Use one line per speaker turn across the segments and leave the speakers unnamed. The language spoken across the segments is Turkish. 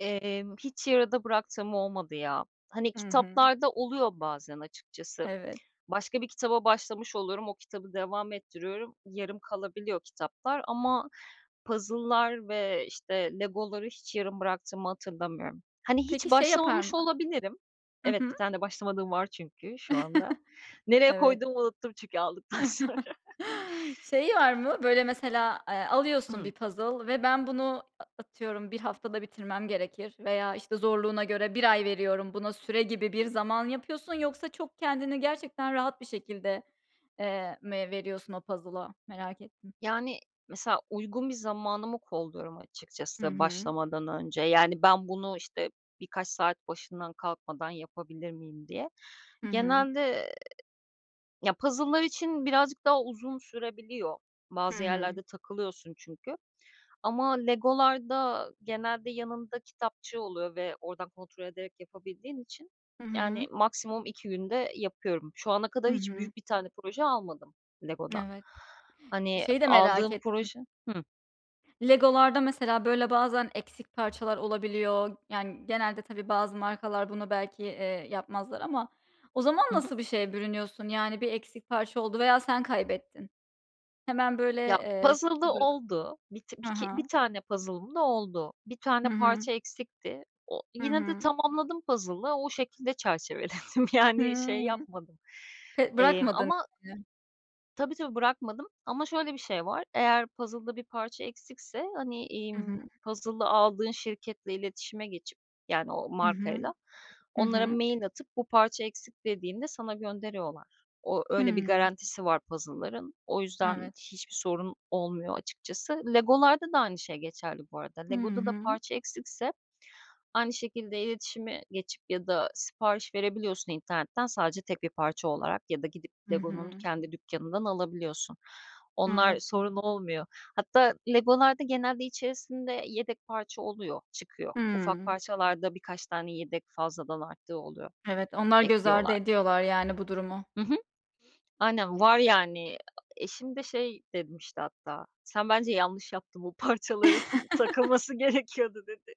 Emm, hiç yarıda bıraktığım olmadı ya. Hani,
Hı hı.
kitaplarda oluyor bazen açıkçası.
Evet.
Başka bir kitaba başlamış oluyorum, o kitabı devam ettiriyorum, yarım kalabiliyor kitaplar, ama puzzle'lar ve işte Lego'ları hiç yarım bıraktığımı hatırlamıyorum. Hani, hiç
Peki şey yapar
başlamamış
mı
olabilirim.
Hı
Evet, 1
hı.
tane de başlamadığım var çünkü şu anda. Nereye
Evet.
koyduğumu unuttum çünkü aldıktan sonra.
Şey var mı? Böyle, mesela, eee, alıyorsun
Hı.
bir puzzle ve ben bunu a atıyorum bir haftada bitirmem gerekir, veya işte zorluğuna göre bir ay veriyorum buna, süre gibi bir zaman yapıyorsun? Yoksa çok kendini gerçekten rahat bir şekilde, eee, mi veriyorsun o puzzle'a? Merak ettim.
Yani, mesela uygun bir zamanımı kolluyorum
Hı
açıkçası,
hı.
başlamadan önce. Yani ben bunu, işte birkaç saat başından kalkmadan yapabilir miyim diye.
Hı hı.
Genelde, ya puzzle'lar için birazcık daha uzun sürebiliyor.
Hı
Bazı
hı.
yerlerde takılıyorsun çünkü ama Lego'larda genelde yanında kitapçığı oluyor ve oradan kontrol ederek yapabildiğin için,
Hı hı.
yani maksimum 2 günde yapıyorum. Şu ana
Hı
kadar hiç
hı.
büyük bir tane proje almadım Lego'dan.
Evet.
Hani,
Şeyi de merak
aldığım
ettim.
proje Hı.
Lego'larda mesela, böyle bazen eksik parçalar olabiliyor. Yani, genelde tabii bazı markalar bunu belki, eee, yapmazlar ama o zaman
Hı hı.
nasıl bir şeye bürünüyorsun? Yani bir eksik parça oldu veya sen kaybettin. Hemen böyle,
Ya
eee, ş
puzzle'da
bö
oldu. Bit
Ha
biki 1
ha.
tane puzzle'ım da oldu. 1 tane
Hı hı.
parça eksikti. O,
Hı
yine de
hı.
tamamladım puzzle'ı. O şekilde çerçeveledim. Yani,
Hıı.
şey yapmadım.
Te
Emm,
Bırakmadın.
ama
[unintelligible]
Tabii, tabii bırakmadım ama şöyle bir şey var, eğer puzzle'da bir parça eksikse, hani,
Hı hı.
imm, puzzle'ı aldığın şirketle iletişime geçip -yani o
Hı hı.
markayla
Hı
onlara
hı.
mail atıp, bu parça eksik dediğinde sana gönderiyorlar. O, öyle bir
Hıı.
garantisi var puzzle'ların. O yüzden
Evet.
hiçbir sorun olmuyor açıkçası. Lego'larda da aynı şey geçerli bu arada.
Hı
Lego'da da
hı.
parça eksikse, aynı şekilde iletişime geçip ya da sipariş verebiliyorsun internetten, sadece tek 1 parça olarak ya da gidip
Hı
Lego'nun
hı.
kendi dükkânından alabiliyorsun. Onlar
Evet.
sorun olmuyor. Hatta Lego'larda genelde içerisinde yedek parça oluyor, çıkıyor. Ufak
Hıı.
parçalarda birkaç tane yedek fazladan arttığı oluyor.
Evet. Onlar göz ardı
Ekliyorlar.
ediyorlar yani bu durumu.
Hı hı. Aynen, var yani, eşim de şey demişti hatta, "Sen bence yanlış yaptın bu parçaların, takılması gerekiyordu." dedi.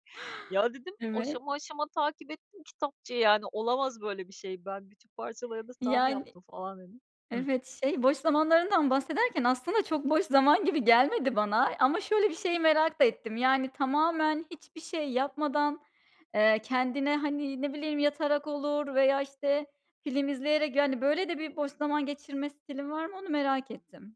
Ya dedim,
Evet.
aşama, aşama takip ettim kitapçığı yani olamaz böyle bir şey ben bütün parçalarını tam
Yani
yaptım, falan dedim Hı.
Evet, şey, boş zamanlarından bahsederken aslında, çok boş zaman gibi gelmedi bana. Ama şöyle bir şeyi merak da ettim. Yani, tamamen hiçbir şey yapmadan, eee, kendine, hani, ne bileyim yatarak olur veya işte film izleyerek. Yani böyle de bir, boş zaman geçirme stilin var mı? Onu merak ettim.